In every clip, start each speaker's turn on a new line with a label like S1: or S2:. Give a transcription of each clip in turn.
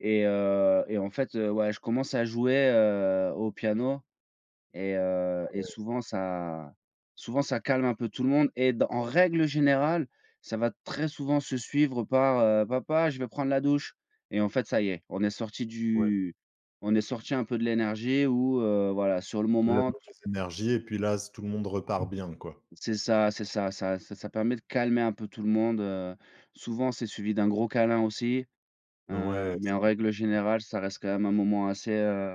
S1: Et heu, et en fait heu, ouais, je commence à jouer, heu, au piano et heu, et
S2: Ouais.
S1: souvent ça souvent ça calme un peu tout le monde. Et dans en règle générale, ça va très souvent se suivre par heu: «Papa, je vais prendre la douche». Et en fait, ça y est, on est sortis
S2: Ouais.
S1: du on est sortis un peu de l'énergie où heu, voilà, sur le
S2: De la
S1: moment, tu
S2: mauvaise énergie et puis, là, s tout le monde repart bien, quoi.
S1: C'est ça, c'est ça, ça ça ça permet de calmer un peu tout le monde, heu. Souvent, c'est suivi d'un gros câlin, aussi,
S2: Bah
S1: heu,
S2: ouais
S1: mais
S2: ça
S1: en règle générale, ça reste quand
S2: dev
S1: même un moment assez, heu,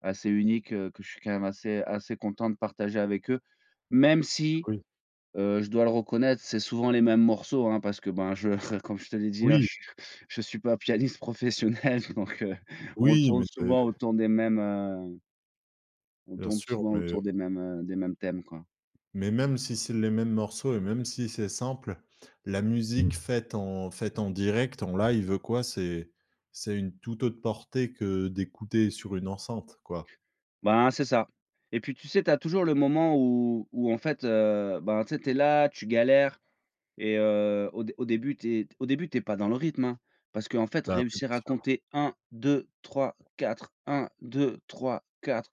S1: assez unique que je suis quand même assez assez content de partager avec eux, même si,
S2: Oui.
S1: heu, je dois le reconnaître, c'est souvent les mêmes morceaux, hein, parce que ben je comme je te l'ai dit, hein, je
S2: Oui.
S1: suis je suis pas pianiste professionnel, donc heu, on
S2: Oui.
S1: tourne
S2: mais des
S1: souvent autour des mêmes heu on
S2: Bien
S1: tourne
S2: sûr,
S1: souvent
S2: mais
S1: autour des mêmes, heu, des mêmes thèmes, quoi.
S2: mais même si c'est les mêmes morceaux et même si c'est simple, la musique faite, en faite, en direct, en live, quoi, c'est c'est une toute autre portée que d'écouter sur une enceinte, quoi.
S1: Ben, c'est ça. Et puis tu sais, tu as toujours le moment où où, en fait heu, bah, tu sais tu es là, tu galères et heu, au dé au début, tu es au début, tu es pas dans le rythme, hein. Parce qu'en fait,
S2: Bah oui, bien
S1: réussir à
S2: sûr.
S1: compter 1, 2, 3, 4, 1, 2, 3, 4,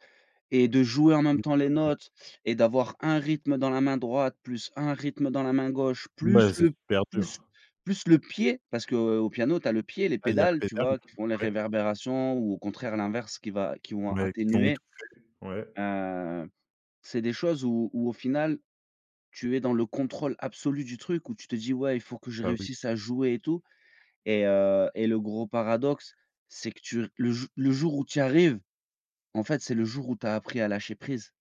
S1: et de jouer en même temps les
S2: [unintelligible]
S1: notes et d'avoir un rythme dans la main droite, plus un rythme dans la main gauche, plus
S2: Mais c'est
S1: le
S2: super
S1: plus
S2: dur.
S1: plus le pied, parce qu'au piano, tu as le pied, les
S2: Ah, il y a la
S1: pédales, tu
S2: pédale,
S1: vois? Qui font les
S2: ouais.
S1: réverbérations ou au contraire l'inverse qui va qui vont
S2: Ouais, qui vont
S1: atténuer,
S2: étouffer, ouais.
S1: heu, c'est des choses où où au final, tu es dans le contrôle absolu du truc, où tu te dis: «Ouais, il faut que je
S2: Bah oui.
S1: réussisse à jouer et tout». Et heu, et le gros paradoxe, c'est que tu r le jou le jour où tu y arrives, en fait, c'est le jour où tu as appris à lâcher prise.